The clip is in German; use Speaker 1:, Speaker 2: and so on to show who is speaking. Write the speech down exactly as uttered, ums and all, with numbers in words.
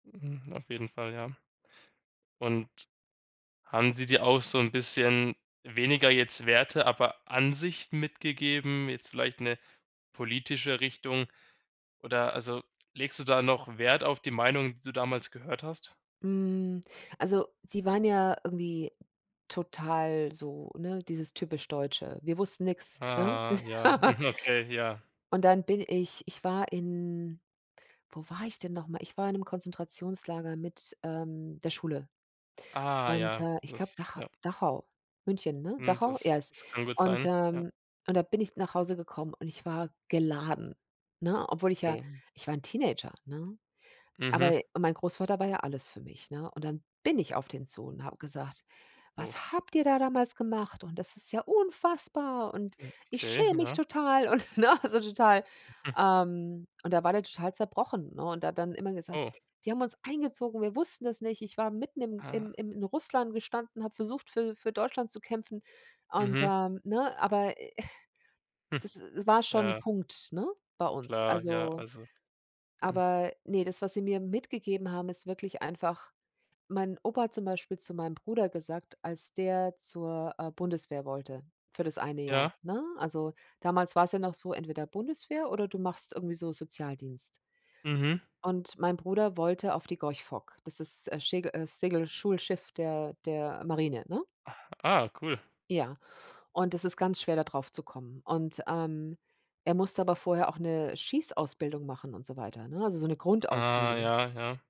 Speaker 1: Hm, auf jeden Fall, ja. Und haben sie dir auch so 'n bisschen, weniger jetzt Werte, aber Ansicht mitgegeben, jetzt vielleicht 'ne politische Richtung, oder also legst du da noch Wert auf die Meinungen, die du damals gehört hast?
Speaker 2: Hm, also, sie waren ja irgendwie total so, ne, dieses Typisch Deutsche. Wir wussten nix, ne?
Speaker 1: Ah, ja, mhm, okay, ja.
Speaker 2: Und dann bin ich ich war in wo war ich denn noch mal? Ich war in 'nem Konzentrationslager mit, ähm, der Schule.
Speaker 1: Ah
Speaker 2: Und,
Speaker 1: ja,
Speaker 2: äh, ich
Speaker 1: das
Speaker 2: glaube
Speaker 1: ist
Speaker 2: Dach
Speaker 1: ja.
Speaker 2: Dachau, München, ne?
Speaker 1: Mhm,
Speaker 2: Dachau
Speaker 1: das das kann
Speaker 2: [unintelligible]
Speaker 1: gut
Speaker 2: Und,
Speaker 1: sein, ja.
Speaker 2: ähm, und da bin ich nach Hause gekommen und ich war geladen, ne? Obwohl ich ja
Speaker 1: Oh.
Speaker 2: ich war 'n Teenager, ne?
Speaker 1: Mhm.
Speaker 2: Aber mein Großvater war ja alles für mich, ne? Und dann bin ich auf den zu und habe gesagt:
Speaker 1: Oh.
Speaker 2: „Was habt ihr da damals gemacht? Und das ist ja unfassbar und
Speaker 1: Mhm,
Speaker 2: ich
Speaker 1: okay,
Speaker 2: schäme mich
Speaker 1: ja.
Speaker 2: total und“, ne? So total,
Speaker 1: Mhm.
Speaker 2: ähm. Und da war der total zerbrochen, ne? Und hat dann immer gesagt:
Speaker 1: Oh.
Speaker 2: „Die haben uns eingezogen, wir wussten das nicht. Ich war mitten im
Speaker 1: Ah.
Speaker 2: im in Russland gestanden, habe versucht, für für Deutschland zu kämpfen“, und,
Speaker 1: Mhm.
Speaker 2: ähm, ne? Aber, äh,
Speaker 1: Hm,
Speaker 2: das das war schon 'n
Speaker 1: ja.
Speaker 2: Punkt, ne? Bei uns,
Speaker 1: Klar, ja,
Speaker 2: also
Speaker 1: also hm.
Speaker 2: aber, ne, das, was sie mir mitgegeben haben, ist wirklich einfach, mein Opa hat zum Beispiel zu meinem Bruder gesagt, als der zur, äh, Bundeswehr wollte für das eine Jahr,
Speaker 1: Ja.
Speaker 2: ne? Also, damals war's ja noch so, entweder Bundeswehr oder du machst irgendwie so Sozialdienst.
Speaker 1: Mhm.
Speaker 2: Und mein Bruder wollte auf die Gorch Fock. Das ist, äh, Schägel äh, Segelschulschiff der der Marine, ne?
Speaker 1: Ah, ah, cool.
Speaker 2: Ja, und das ist ganz schwer da draufzukommen. Und, ähm, er musste aber vorher auch 'ne Schießausbildung machen und so weiter, ne? Also, so 'ne
Speaker 1: Ah,
Speaker 2: Grundausbildung.
Speaker 1: ja, ja.